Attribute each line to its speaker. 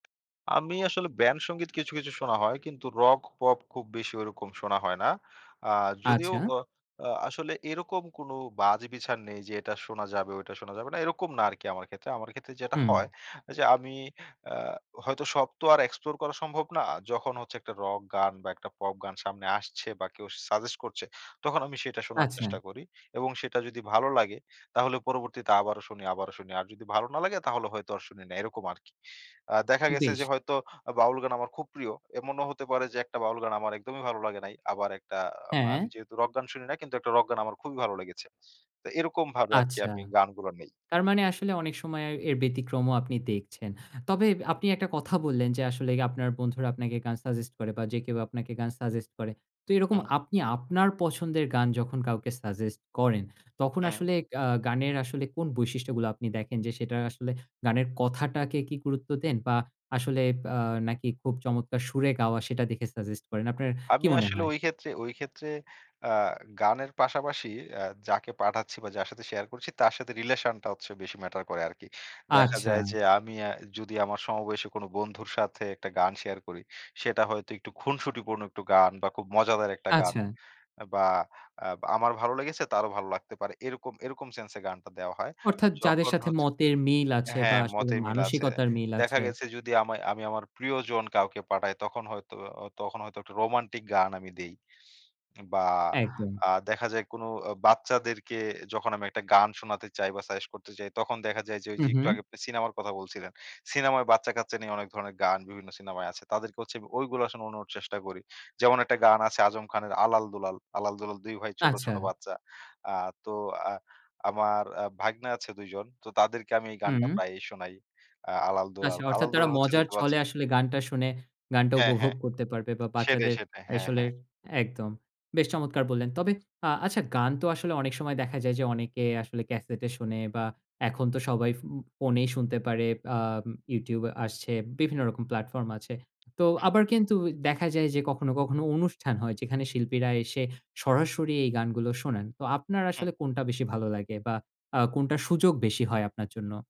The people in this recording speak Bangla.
Speaker 1: আমি আসলে ব্যান্ড সংগীত কিছু, কিছু শোনা হয়। কিন্তু রক, পপ খুব বেশি ঐরকম শোনা হয় না। আ যদিও
Speaker 2: আচ্ছা।
Speaker 1: ও আ আসলে এরকম কোনো বাছবিচার নেই যে এটা শোনা যাবে, ঐটা শোনা যাবে না, এরকম না আরকি আমার ক্ষেত্রে। আমার ক্ষেত্রে যেটা
Speaker 2: হুম।
Speaker 1: হয় যে আমি অ্যা হয়তো সব তো আর এক্সপ্লোর করা সম্ভব না। যখন হচ্ছে একটা রক গান বা, একটা পপ গান সামনে আসছে বা, কেউ সাজেস্ট করছে, তখন আমি সেটা শোনার
Speaker 2: আচ্ছা।
Speaker 1: চেষ্টা করি এবং সেটা যদি ভালো লাগে, তাহলে পরবর্তীতে আবারও শুনি, আবারও শুনি। আর যদি ভালো না লাগে, তাহলে হয়তো আর শুনি না, এরকম আরকি। আ দেখা গেছে
Speaker 2: বেশ।
Speaker 1: যে হয়তো আ বাউল গান আমার খুব প্রিয়। এমনও হতে পারে যে একটা বাউল গান আমার একদমই ভালো লাগে নাই। আবার একটা আ আম আমি
Speaker 2: হ্যাঁ।
Speaker 1: যেহেতু রক গান শুনি না, কিন্তু একটা রক গান আমার খুবই ভালো লেগেছে। তো এরকমভাবে আরকি
Speaker 2: আচ্ছা।
Speaker 1: আমি গানগুলা নেই।
Speaker 2: তার মানে আসলে অনেক সময় আয় এর ব্যতিক্রমও আপনি দেখছেন। তবে আপনি একটা কথা বললেন যে আসলে আপনার বন্ধুরা আপনাকে গান সাজেস্ট করে বা, যে কেউ আপনাকে গান সাজেস্ট করে। তো এরকম
Speaker 1: হুম।
Speaker 2: আপনি আপনার পছন্দের গান যখন কাউকে সাজেস্ট করেন, তখন
Speaker 1: হুম।
Speaker 2: আসলে গা গানের আসলে কোন বৈশিষ্ট্যগুলো আপনি দেখেন? যে সেটা আসলে গানের কথাটাকে কি গুরুত্ব দেন বা, আসলে আ নাকি খুব চমৎকার সুরে গাওয়া, সেটা দেখে সাজেস্ট করেন? আপনার কী
Speaker 1: আমি
Speaker 2: মনে
Speaker 1: আসলে
Speaker 2: হয়?
Speaker 1: ঐক্ষেত্রে ঐক্ষেত্রে আ গানের পাশাপাশি আ যাকে পাঠাচ্ছি বা, যার সাথে শেয়ার করছি, তার সাথে রিলেশনটা হচ্ছে বেশি ম্যাটার করে আরকি। দেখা যায়
Speaker 2: আচ্ছা।
Speaker 1: যে আমি অ্যা যদি আমার সমবয়সী কোনো বন্ধুর সাথে একটা গান শেয়ার করি, সেটা হয়তো একটু খুনসুটিপূর্ণ একটু গান বা, খুব মজাদার একটা গান।
Speaker 2: আচ্ছা।
Speaker 1: বা, আ আমার ভালো লেগেছে, তারও ভালো লাগতে পারে, এরকম এরকম সেন্সে গানটা দেয়া হয়।
Speaker 2: অর্থাৎ, যাদের
Speaker 1: যখন
Speaker 2: সাথে
Speaker 1: হচ্ছে
Speaker 2: মতের মিল আছে বা,
Speaker 1: হ্যাঁ,
Speaker 2: আসলে
Speaker 1: মতের মিল আছে।
Speaker 2: মানসিকতার মিল
Speaker 1: দেখা
Speaker 2: আছে।
Speaker 1: গেছে যদি আমায় আমি আমার প্রিয়জন কাউকে পাঠাই, তখন হয়তো অ তখন হয়তো একটা রোমান্টিক গান আমি দেই। বা,
Speaker 2: একদম।
Speaker 1: আ দেখা যায় কোনো অ বাচ্চাদেরকে যখন আমি একটা গান শোনাতে চাই বা, সাজেস্ট করতে চাই, তখন দেখা যায় যে
Speaker 2: হু,
Speaker 1: ঐযে একটু
Speaker 2: হুম।
Speaker 1: আগে আপনি সিনেমার কথা বলছিলেন, সিনেমায় বাচ্চা-কাচ্চা নিয়ে অনেক ধরনের গান বিভিন্ন সিনেমায় আছে, তাদেরকে হচ্ছে ঐগুলা শুনানোর চেষ্টা করি। যেমন একটা গান আছে আজম খানের 'আলাল দুলাল।' আলাল, দুলাল ২ ভাই। ছোট,
Speaker 2: আচ্ছা।
Speaker 1: ছোট বাচ্চা। আ তো আ আমার আ ভাইগনা আছে ২ জন। তো তাদেরকে আমি এই গানটা
Speaker 2: হুম।
Speaker 1: প্রায়ই শোনাই, আ আলাল
Speaker 2: আচ্ছা।
Speaker 1: দুলাল।
Speaker 2: অর্থাৎ,
Speaker 1: আলাল
Speaker 2: তারা
Speaker 1: দুলাল হচ্ছে।
Speaker 2: মজার ছলে
Speaker 1: [unintelligible]
Speaker 2: আসলে গানটা শুনে গানটা
Speaker 1: হ্যাঁ,
Speaker 2: উপভোগ
Speaker 1: হ্যাঁ।
Speaker 2: করতে পারবে বা,
Speaker 1: সেটাই,
Speaker 2: বাচ্চাদের
Speaker 1: সেটাই। হ্যাঁ,
Speaker 2: আসলে
Speaker 1: হ্যাঁ।
Speaker 2: একদম। বেশ চমৎকার বললেন। তবে আ আচ্ছা, গান তো আসলে অনেক সময় দেখা যায় যে অনেকে আসলে ক্যাসেটে শুনে বা, এখন তো সবাই ফো ফোনেই শুনতে পারে, বা আম YouTube আসছে, বিভিন্ন রকম প্ল্যাটফর্ম আছে। তো
Speaker 1: হুম।
Speaker 2: আবার কিন্তু ও দেখা যায় যে কখনো, কখনো অনুষ্ঠান হয়, যেখানে শিল্পীরা এসে সরাসরি এই গানগুলো শোনান। তো আপনার
Speaker 1: হুম।
Speaker 2: আসলে কোনটা বেশি ভালো লাগে বা, আ কোনটা সুযোগ বেশি হয় আপনার জন্য?